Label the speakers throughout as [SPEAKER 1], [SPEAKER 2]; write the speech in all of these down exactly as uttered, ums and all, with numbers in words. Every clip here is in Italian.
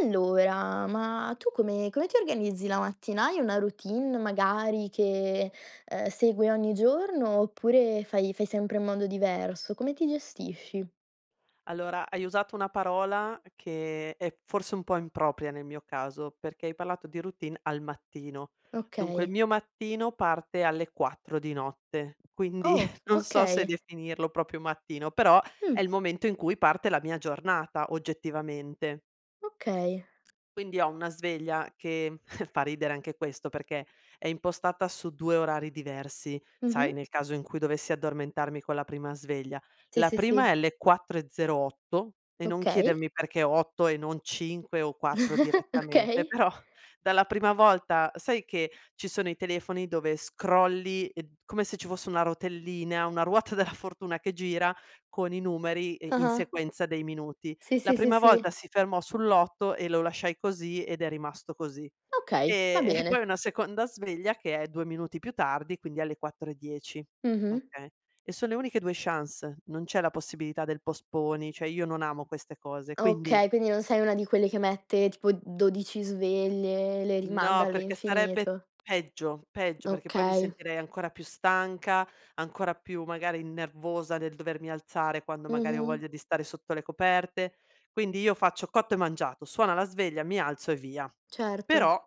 [SPEAKER 1] Allora, ma tu come come ti organizzi la mattina? Hai una routine magari che, ehm, segui ogni giorno oppure fai fai sempre in modo diverso? Come ti gestisci?
[SPEAKER 2] Allora hai usato una parola che è forse un po' impropria nel mio caso, perché hai parlato di routine al mattino. Dunque il
[SPEAKER 1] Okay.
[SPEAKER 2] mio mattino parte alle quattro di notte, quindi
[SPEAKER 1] Oh,
[SPEAKER 2] non so se
[SPEAKER 1] okay.
[SPEAKER 2] definirlo proprio mattino, però è
[SPEAKER 1] Mh.
[SPEAKER 2] il momento in cui parte la mia giornata, oggettivamente.
[SPEAKER 1] Okay.
[SPEAKER 2] Quindi ho una sveglia che fa ridere anche questo perché è impostata su due orari diversi,
[SPEAKER 1] Mh-mh.
[SPEAKER 2] sai, nel caso in cui dovessi addormentarmi con la prima sveglia.
[SPEAKER 1] Sì,
[SPEAKER 2] La
[SPEAKER 1] sì,
[SPEAKER 2] prima è
[SPEAKER 1] sì.
[SPEAKER 2] alle quattro e zero otto e non
[SPEAKER 1] Okay.
[SPEAKER 2] chiedermi perché otto e non cinque o quattro direttamente,
[SPEAKER 1] Okay.
[SPEAKER 2] però dalla prima volta, sai che ci sono i telefoni dove scrolli e d come se ci fosse una rotellina, una ruota della fortuna che gira con i numeri e in
[SPEAKER 1] Ah-ah.
[SPEAKER 2] sequenza dei minuti.
[SPEAKER 1] Sì,
[SPEAKER 2] La
[SPEAKER 1] sì, sì,
[SPEAKER 2] prima
[SPEAKER 1] sì.
[SPEAKER 2] volta si fermò sull'otto e lo lasciai così ed è rimasto così.
[SPEAKER 1] Okay, va
[SPEAKER 2] Ehm, e, poi
[SPEAKER 1] bene.
[SPEAKER 2] una seconda sveglia che è due minuti più tardi, quindi alle quattro e dieci.
[SPEAKER 1] Mh-mh.
[SPEAKER 2] Okay. E son le uniche due chance, non c'è la possibilità del postponi, cioè io non amo queste cose, quindi
[SPEAKER 1] Okay, quindi non sei una di quelle che mette tipo dodici sveglie e le rimanda
[SPEAKER 2] No, perché sarebbe
[SPEAKER 1] all'infinito.
[SPEAKER 2] peggio peggio, perché poi mi
[SPEAKER 1] Okay.
[SPEAKER 2] sentirei ancora più stanca, ancora più magari nervosa nel dovermi alzare quando magari ho
[SPEAKER 1] Mh-mh.
[SPEAKER 2] voglia di stare sotto le coperte. Quindi io faccio cotto e mangiato, suona la sveglia, mi alzo e via.
[SPEAKER 1] Certo.
[SPEAKER 2] Però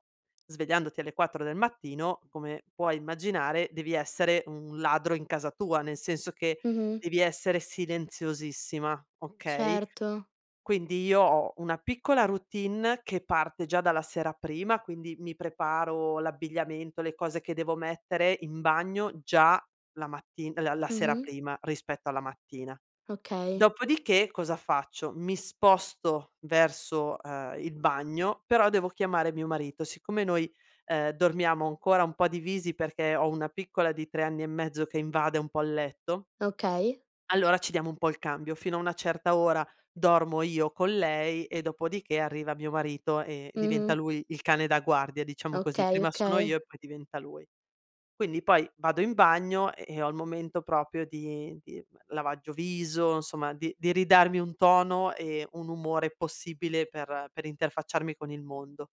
[SPEAKER 2] svegliandoti alle quattro del mattino, come puoi immaginare, devi essere un ladro in casa tua, nel senso che
[SPEAKER 1] Mh-mh.
[SPEAKER 2] devi essere silenziosissima, okay,
[SPEAKER 1] Certo.
[SPEAKER 2] quindi io ho una piccola routine che parte già dalla sera prima, quindi mi preparo l'abbigliamento, le cose che devo mettere in bagno già la matti la la sera
[SPEAKER 1] Mh-mh.
[SPEAKER 2] prima rispetto alla mattina.
[SPEAKER 1] Okay.
[SPEAKER 2] Dopodiché, cosa faccio, mi sposto verso, ehm, il bagno, però devo chiamare mio marito. Siccome noi, ehm, dormiamo ancora un po' divisi perché ho una piccola di tre anni e mezzo che invade un po' il letto
[SPEAKER 1] Okay.
[SPEAKER 2] allora ci diamo un po' il cambio. Fino a una certa ora dormo io con lei e dopodiché arriva mio marito e diventa
[SPEAKER 1] Mh-mh.
[SPEAKER 2] lui il cane da guardia, diciamo così.
[SPEAKER 1] Okay,
[SPEAKER 2] Prima sono
[SPEAKER 1] okay.
[SPEAKER 2] io e poi diventa lui. Quindi poi vado in bagno e e ho il momento proprio di di lavaggio viso, insomma di di ridarmi un tono e un umore possibile per per interfacciarmi con il mondo.